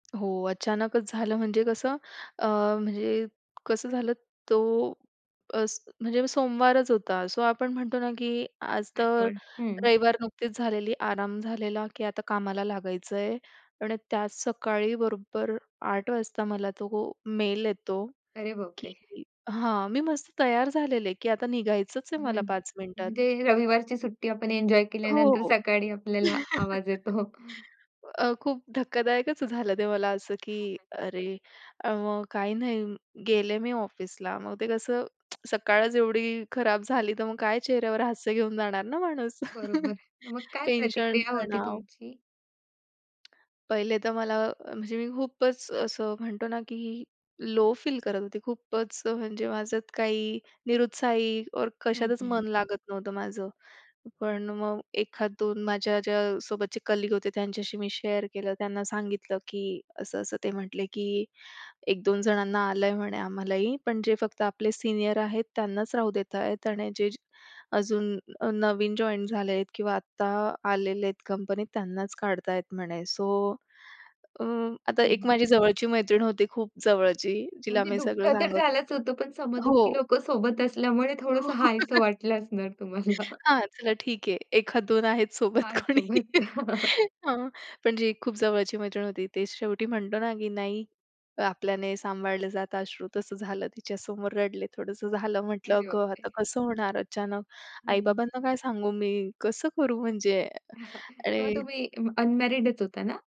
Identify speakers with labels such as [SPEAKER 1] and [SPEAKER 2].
[SPEAKER 1] हो, अचानकच झालं म्हणजे कसं अ, म्हणजे कसं झालं, तो अस म्हणजे सोमवारच होता सो आपण म्हणतो ना, की आज तर
[SPEAKER 2] आठवण, हं.
[SPEAKER 1] रविवार नुकतीच झालेली आराम झालेला, की आता कामाला लागायचं आहे आणि त्याच सकाळी बरोबर 08:00 वाजता मला तो मेल येतो,
[SPEAKER 2] अरे
[SPEAKER 1] की
[SPEAKER 2] बापरे!
[SPEAKER 1] हां, मी मस्त तयार झालेले की आता निघायचंच आहे मला
[SPEAKER 2] हं,
[SPEAKER 1] 5 मिनिटात.
[SPEAKER 2] म्हणजे रविवारची सुट्टी आपण एन्जॉय केल्यानंतर
[SPEAKER 1] हो,
[SPEAKER 2] सकाळी आपल्याला आवाज येतो.
[SPEAKER 1] अ, खूप धक्कादायकच झालं ते मला असं, की
[SPEAKER 2] [unintelligible]
[SPEAKER 1] अरे, अ, मग काही नाही, गेले मी ऑफिसला मग ते कसं सकाळच एवढी खराब झाली, तर मग काय चेहऱ्यावर हास्य घेऊन जाणार ना माणूस.
[SPEAKER 2] बरोबर, मग काय
[SPEAKER 1] टेन्शन,
[SPEAKER 2] प्रतिक्रिया होती
[SPEAKER 1] तणाव.
[SPEAKER 2] तुमची?
[SPEAKER 1] पहिले तर मला म्हणजे मी खूपच असं म्हणतो ना, की लो फील करत होते खूपच, म्हणजे माझं काही निरुत्साही और
[SPEAKER 2] हं,
[SPEAKER 1] कशातच
[SPEAKER 2] हं.
[SPEAKER 1] मन लागत नव्हतं माझं. पण मग एखाद दोन माझ्या ज्या सोबतचे कलीग होते त्यांच्याशी मी शेअर केलं, त्यांना सांगितलं, की असं-असं, ते म्हटले की, "1-2 जणांना आलंय म्हणे आम्हालाही, पण जे फक्त आपले सीनियर आहेत, त्यांनाच राहू देत आहेत आणि जे अजून अ, नवीन जॉईंट झालेत किंवा आत्ता आलेले आहेत कंपनीत त्यांनाच काढता आहेत म्हणे." सो अ, आता एक
[SPEAKER 2] हं.
[SPEAKER 1] माझी जवळची मैत्रीण होती, खूप जवळची जिला
[SPEAKER 2] म्हणजे
[SPEAKER 1] मी
[SPEAKER 2] दुःख
[SPEAKER 1] सगळं
[SPEAKER 2] तर
[SPEAKER 1] सांगत
[SPEAKER 2] झालंच होतं, पण सम-दुःखी
[SPEAKER 1] हो.
[SPEAKER 2] लोकं सोबत असल्यामुळे थोडंसं हायसं वाटलं असणार तुम्हाला.
[SPEAKER 1] हां, चला ठीक आहे. एखाद दोन आहेत सोबत
[SPEAKER 2] आहे
[SPEAKER 1] कोणी.
[SPEAKER 2] सोबत.
[SPEAKER 1] हां, पण जी खूप जवळची मैत्रीण होती, ते शेवटी म्हणतो ना, की नाही आपल्याने सांभाळलं जातं अश्रू तसं झालं. तिच्यासमोर रडले थोडंसं झालं, म्हटलं
[SPEAKER 2] अरे
[SPEAKER 1] अगं आता
[SPEAKER 2] बापरे!
[SPEAKER 1] कसं होणार, अचानक
[SPEAKER 2] हं, हं.
[SPEAKER 1] आई-बाबांना काय सांगू मी? कसं करू म्हणजे?
[SPEAKER 2] तेव्हा
[SPEAKER 1] आणि
[SPEAKER 2] तुम्ही अ, अनमॅरिडच होता ना?